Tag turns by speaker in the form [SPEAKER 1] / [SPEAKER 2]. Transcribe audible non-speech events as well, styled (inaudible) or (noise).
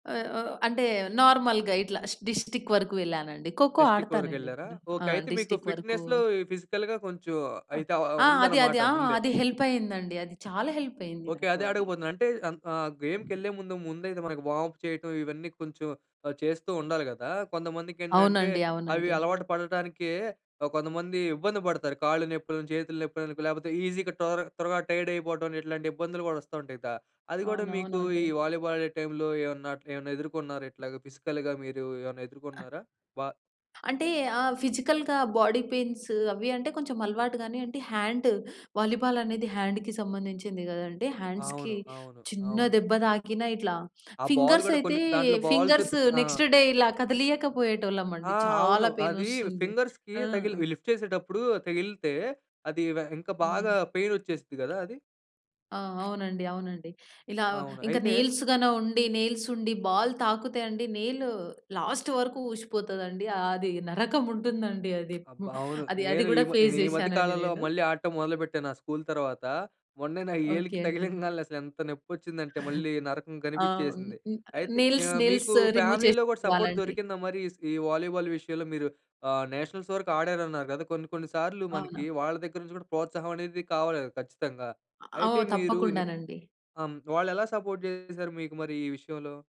[SPEAKER 1] ఆహ్, ఆహ్, అంటే నార్మల్‌గా ఇట్లా స్ డిస్ట్రిక్ట్ వరకు వెళ్ళానండి. ఖోఖో
[SPEAKER 2] డిస్ట్రిక్ట్
[SPEAKER 1] ఆడతానండి
[SPEAKER 2] వరకెళ్లారా?
[SPEAKER 1] నేను
[SPEAKER 2] ఓకే.
[SPEAKER 1] ఆ!
[SPEAKER 2] అయితే మీకు
[SPEAKER 1] డిస్ట్రిక్ట్ వరకు
[SPEAKER 2] ఫిట్‌నెస్‌లో, ఈ ఫిజికల్‌గా కొంచెం అయితే ఆహ్,
[SPEAKER 1] ఆ! అది
[SPEAKER 2] ఉందనమాట
[SPEAKER 1] అది ఆ!
[SPEAKER 2] ముందే.
[SPEAKER 1] అది హెల్ప్ అయింది అండి. అది చాలా హెల్ప్ అయింది
[SPEAKER 2] ఓకే.
[SPEAKER 1] నాకు
[SPEAKER 2] అదే
[SPEAKER 1] అది.
[SPEAKER 2] అడగబోతున్నా. అంటే అన్ ఆహ్, గేమ్‌కెళ్ళే ముందు ముందయితే మనకి వార్మ్అప్ చేయటం ఇవన్నీ కొంచెం ఆహ్, చేస్తూ ఉండాలి గదా! కొంతమందికేంటంటే
[SPEAKER 1] అవునండి.
[SPEAKER 2] అవి
[SPEAKER 1] అవునండి.
[SPEAKER 2] అలవాటు పడటానికే కొంతమంది ఇబ్బంది పడతారు. కాళ్ళు నొప్పులని, చేతులు నొప్పులని లేపోతే ఈజీగా టోర త్వరగా టైర్డ్ అయిపోవటమని ఇట్లాంటి ఇబ్బందులు గూడా వస్తా ఉంటాయి. దా అది గూడా మీకు ఈ
[SPEAKER 1] అవునవునండి.
[SPEAKER 2] వాలీబాల్ ఆడే టైమ్‌లో ఏవన్నా అట్ల ఏవన్నా ఎదుర్కొన్నారా ఇట్లాగ ఫిజికల్‌గా మీరు ఏవన్నా ఎదుర్కొన్నారా? బా
[SPEAKER 1] అంటే ఆ! ఫిజికల్‌గా బాడీ పెయిన్స్ అవి అంటే కొంచెం అలవాటు గాని అంటే హాండ్ వాలీబాల్ అనేది హ్యాండ్‌కి సంబంధించింది గదండి! హ్యాండ్స్‌కి
[SPEAKER 2] అవును. అవును.
[SPEAKER 1] చిన్న
[SPEAKER 2] అవును.
[SPEAKER 1] దెబ్బ తాకిన ఇట్లా
[SPEAKER 2] ఆ బాల్
[SPEAKER 1] ఫింగర్స్
[SPEAKER 2] గూడా
[SPEAKER 1] అయితే
[SPEAKER 2] కొన్ని దాంట్లో బాల్స్
[SPEAKER 1] ఫింగర్స్
[SPEAKER 2] గ్ ఆ!
[SPEAKER 1] నెక్స్ట్ డే ఇలా కదిలియక పోయేటోళ్ళం
[SPEAKER 2] ఆ!
[SPEAKER 1] అండి.
[SPEAKER 2] అవును.
[SPEAKER 1] చాలా
[SPEAKER 2] అది
[SPEAKER 1] పెయినొస్తుంది.
[SPEAKER 2] ఫింగర్స్‌కి
[SPEAKER 1] ఆ!
[SPEAKER 2] తగిలి లిఫ్ట్ చేసేటప్పుడు తగిలితే అది వె ఇంక బాగా
[SPEAKER 1] అవునండి.
[SPEAKER 2] పెయిన్ వచ్చేసిద్ది గదా! అది?
[SPEAKER 1] ఆ! అవునండి. అవునండి. ఇలా
[SPEAKER 2] అవును.
[SPEAKER 1] ఇంక
[SPEAKER 2] అయితే
[SPEAKER 1] నెయిల్స్‌ గాన ఉండి నెయిల్స్ ఉండి బాల్ తాకుతే అండి నెయిల్ లాస్ట్ వరకు ఊసిపోతదండి. అది నరకం ఉంటుందండి. అది
[SPEAKER 2] అబ్బా! అవును.
[SPEAKER 1] అది అది
[SPEAKER 2] నేను ఈ
[SPEAKER 1] గూడా
[SPEAKER 2] మద్
[SPEAKER 1] ఫేస్
[SPEAKER 2] నేనీ మధ్య
[SPEAKER 1] జేశానండి
[SPEAKER 2] కాలంలో
[SPEAKER 1] నేను.
[SPEAKER 2] మళ్ళీ ఆడటం మొదలుపెట్టాను ఆ స్కూల్ తర్వాత. మొన్నే నా
[SPEAKER 1] ఓకే
[SPEAKER 2] ఏలుకి
[SPEAKER 1] అండి.
[SPEAKER 2] (giggles) తగిలింగాల్నే అసలెంత నొప్పి వచ్చిందంటే మళ్ళీ నరకం
[SPEAKER 1] ఆ!
[SPEAKER 2] కనిపిచ్చేసింది. అయితే
[SPEAKER 1] నెయిల్స్
[SPEAKER 2] ఆహ్,
[SPEAKER 1] నెయిల్స్
[SPEAKER 2] మీకు
[SPEAKER 1] రిమూవ్
[SPEAKER 2] ఫ్యామిలీలో గూడా సపోర్ట్
[SPEAKER 1] చేసుకోవాలండి.
[SPEAKER 2] దొరికిందా మరి ఈస్ వాలీబాల్ విషయంలో? మీరు ఆహ్, నేషనల్స్ వరకు ఆడారన్నారు కదా! కొన్ని కొన్ని సార్లు
[SPEAKER 1] అవునా?
[SPEAKER 2] మనకి వాళ్ళ దగ్గర నుంచి కూడా ప్రోత్సాహం అనేది కావాలి గదా! ఖచ్చితంగా. అయితే
[SPEAKER 1] ఓహ్,
[SPEAKER 2] మీరు ని
[SPEAKER 1] తప్పకుండానండి.
[SPEAKER 2] అమ్ వాళ్ళు ఎలా సపోర్ట్ జేశారు మీకు మరి ఈ విషయంలో?